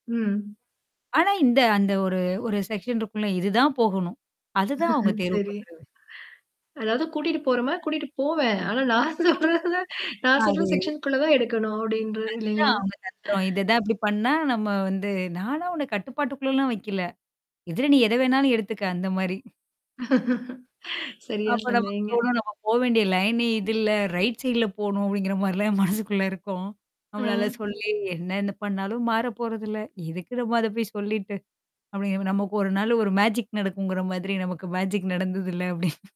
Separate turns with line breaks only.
ம்.
ஆனா இந்த அந்த ஒரு ஒரு செக்ஷன் இருக்குல இதுதான் போகணும். அதுதான் அவுங்க தேர்வு
சரி.
பண்றது.
அதாவது கூட்டிட்டு போறோமா கூட்டிட்டு போவேன். ஆனா நான் சொல்றதான்
அம்.
நான் சொல்ற
அது.
செக்ஷன்க்குள்ள தான் எடுக்கணும் அப்படின்ற
அதுதான்
இல்லைங்களா?
அவுங்க தந்திரம். இத தான் இப்படி பண்ணா, நம்ம வந்து நானா உன கட்டுப்பாட்டுக்குள்ளல்லாம் வைக்கல. இதுல நீ எத வேணாலும் எடுத்துக்க அந்த மாரி.
சரியா
அப்ப நமக்கு
சொன்னீங்க.
தோணும். நம்ம போ வேண்டிய லைனே இதுல்ல, ரைட் சைட்ல போணும் அப்படிங்கிற மாரிலாம் மனசுக்குள்ள இருக்கும். நம்மளால
அ.
சொல்லி என்ன என்ன பண்ணாலும் மாற போறதில்ல. எதுக்கு நம்ம அத போய் சொல்லிட்டு. அப்படிங்க நமக்கு ஒரு நாள் ஒரு மேஜிக் நடக்குங்கிற மாதிரி, நமக்கு மேஜிக் நடந்ததில்ல அப்படின்னு.